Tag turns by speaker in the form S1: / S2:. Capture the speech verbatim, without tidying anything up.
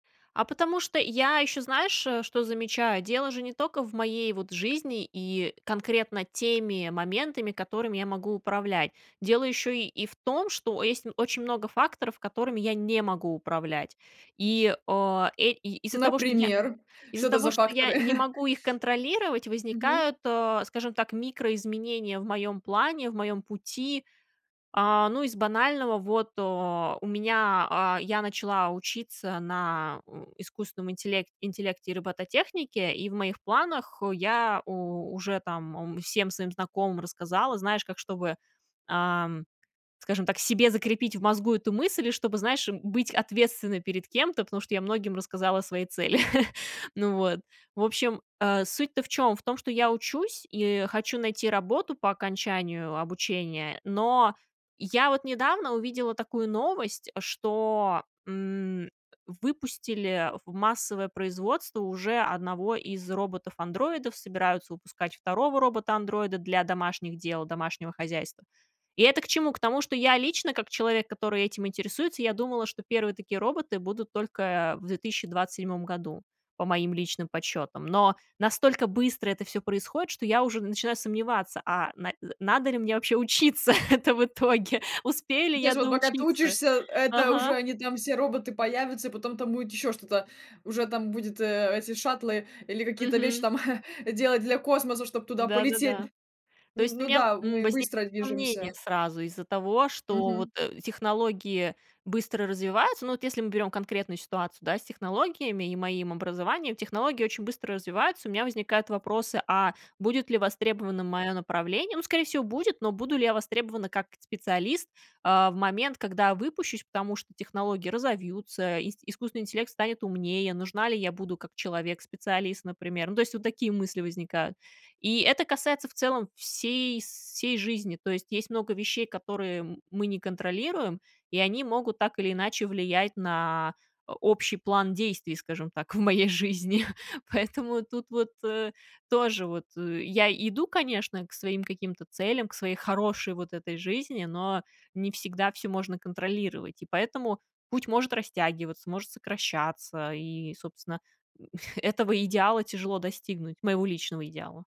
S1: А потому что я ещё, знаешь, что замечаю: дело же не тока в моей вот жизни и конкретно теми моментами, которыми я могу управлять. Дело ещё и в том, что есть очень много факторов, которыми я не могу управлять. И, а, э, из-за того, что я
S2: Например, что
S1: из-за
S2: это за
S1: того, что я
S2: факторы?
S1: не могу их контролировать,
S2: Мгм.
S1: возникают, э, скажем так, микроизменения в моём плане, в моём пути. А, ну, из банального: вот, э, у меня а, я начала учиться на у искусственном интелек интеллекте и робототехнике, и в моих планах я у уже там, ам, всем своим знакомым рассказала. Знаешь, как чтобы, ам, скажем так, себе закрепить в мозгу эту мысль и чтобы, знаешь, быть ответственной перед кем-то. Потому что я многим рассказала свои цели. Ну вот, в общем, а, суть-то в чём? В том, что я учусь и хочу найти работу по окончанию обучения. Но я вот недавно увидела такую новость, что, м, выпустили в массовое производство уже одного из роботов-андроидов, собираются выпускать второго робота-андроида для домашних дел, домашнего хозяйства. И это к чему? К тому, что я лично, как человек, который этим интересуется, я думала, что первые такие роботы будут только в две тысячи двадцать седьмом году, по моим личным подсчётам. Но настолько быстро это всё происходит, что я уже начинаю сомневаться: а на э, надо ли мне вообще учиться? Это в итоге. Успею
S2: Ну,
S1: ли
S2: то
S1: я
S2: есть вот пока ты
S1: доучиться?
S2: учишься, это уже
S1: Ага.
S2: они там все роботы появятся, и потом там будет ещё что-то, уже там будет, э, эти шаттлы или какие-то вещи
S1: Мгм.
S2: там делать для космоса, чтоб туда полететь,
S1: Да-да-да.
S2: д
S1: То
S2: Н
S1: есть у
S2: ну
S1: меня,
S2: да,
S1: м,
S2: мы
S1: возникает
S2: быстро
S1: сомнение
S2: движемся.
S1: сразу из-за того, что вот,
S2: Мгм.
S1: э, технологии быстро развиваются. Ну, вот если мы берём конкретную ситуацию, да, с технологиями и моим образованием, технологии очень быстро развиваются. У меня возникают вопросы: а будет ли востребованным моё направление? Ну, скорее всего, будет, но буду ли я востребована как специалист, а, в момент, когда выпущусь. Потому что технологии разовьются, ис искусственный интеллект станет умнее, нужна ли я буду как человек-специалист, например? Ну, то есть, вот такие мысли возникают. И это касается в целом всей сей жизни. То есть есть много вещей, которые, м, мы не контролируем, и они могут так или иначе влиять на о общий план действий, скажем так, в моей жизни. Поэтому тут вот, э, тоже вот, ы Я иду, конечно, к своим каким-то то целям, к своей хорошей вот этой жизни, но не всегда всё можно контролировать. И поэтому путь может растягиваться, может сокращаться, и, собственно, м, этого идеала тяжело достигнуть, моего личного идеала.